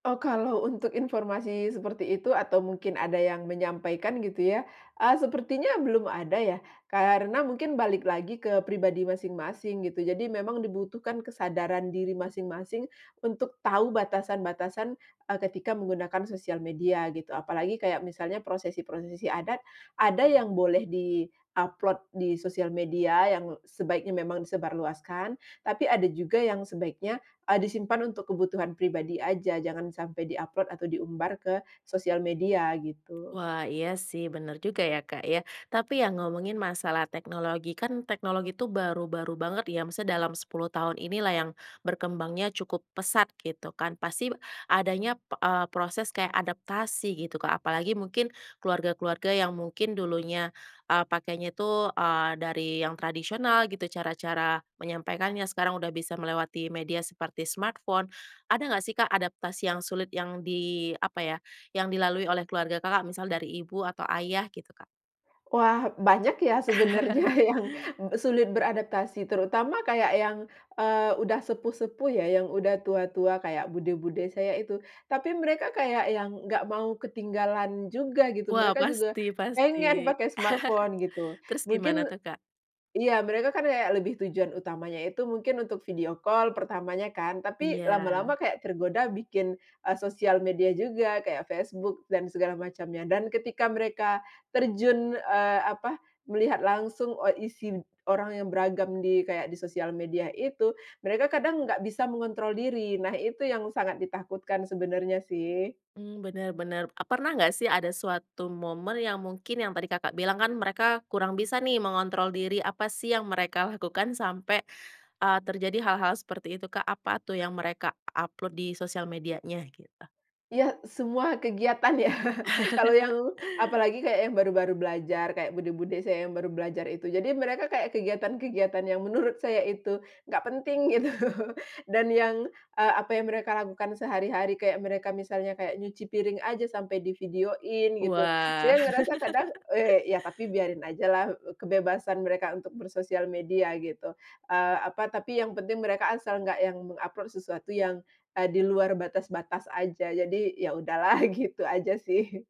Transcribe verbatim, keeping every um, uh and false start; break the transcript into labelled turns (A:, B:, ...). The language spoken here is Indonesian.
A: Oh, kalau untuk informasi seperti itu, atau mungkin ada yang menyampaikan gitu ya, eee, sepertinya belum ada ya, karena mungkin balik lagi ke pribadi masing-masing gitu. Jadi memang dibutuhkan kesadaran diri masing-masing untuk tahu batasan-batasan, eee, ketika menggunakan sosial media gitu, apalagi kayak misalnya prosesi-prosesi adat, ada yang boleh di-upload di sosial media yang sebaiknya memang disebarluaskan, tapi ada juga yang sebaiknya, eee, disimpan untuk kebutuhan pribadi aja, jangan sampai di-upload atau diumbar ke sosial media gitu.
B: Wah, iya sih benar juga ya, Kak, ya, tapi ya ngomongin masalah teknologi kan teknologi tuh baru-baru banget ya, maksudnya dalam sepuluh tahun inilah yang berkembangnya cukup pesat gitu kan. Pasti adanya, p eee, proses kayak adaptasi gitu, Kak. Apalagi mungkin keluarga-keluarga yang mungkin dulunya, eee, pakainya tuh, eee, dari yang tradisional gitu. Cara-cara menyampaikannya sekarang udah bisa melewati media seperti smartphone. Ada enggak sih, Kak, adaptasi yang sulit, yang di apa ya, yang dilalui oleh keluarga Kakak, misal dari ibu atau ayah gitu, Kak?
A: Wah, banyak ya, sebenarnya yang sulit beradaptasi, terutama kayak yang, eee, udah sepuh-sepuh ya, yang udah tua-tua kayak bude-bude saya itu. Tapi mereka kayak yang enggak mau ketinggalan juga gitu,
B: Wah
A: mereka juga
B: pasti pasti.
A: pengen pakai smartphone gitu.
B: Terus gimana
A: Mungkin
B: tuh, Kak?
A: iya, mereka kan kayak lebih tujuan utamanya itu mungkin untuk video call pertamanya kan, tapi lama-lama
B: Iya.
A: kayak tergoda bikin, eee, sosial media juga kayak Facebook dan segala macamnya. Dan ketika mereka terjun, eee, apa, melihat langsung, eee, isi orang yang beragam di, kayak di sosial media itu, mereka kadang enggak bisa mengontrol diri. Nah, itu yang sangat ditakutkan sebenarnya sih.
B: Mmm, benar, benar. Eee, pernah enggak sih ada suatu momen yang mungkin, yang tadi Kakak bilang kan mereka kurang bisa nih mengontrol diri, apa sih yang mereka lakukan sampai, eee, terjadi hal-hal seperti itu, Kak? Apa tuh yang mereka upload di sosial medianya gitu?
A: Iya, semua kegiatan ya, kalau yang, apalagi kayak yang baru-baru belajar, kayak bude-bude saya yang baru belajar itu, jadi mereka kayak kegiatan-kegiatan yang menurut saya itu enggak penting gitu, dan yang, eee, apa, yang mereka lakukan sehari-hari, kayak mereka misalnya kayak nyuci piring aja sampai di-video-in gitu.
B: Wah.
A: Saya ngerasa kadang, eee, ya tapi biarin aja lah, eee, k kebebasan mereka untuk bersosial media gitu, eee, apa, tapi yang penting mereka asal enggak yang meng-upload sesuatu yang, eee, di luar batas-batas aja, jadi ya udahlah gitu aja sih.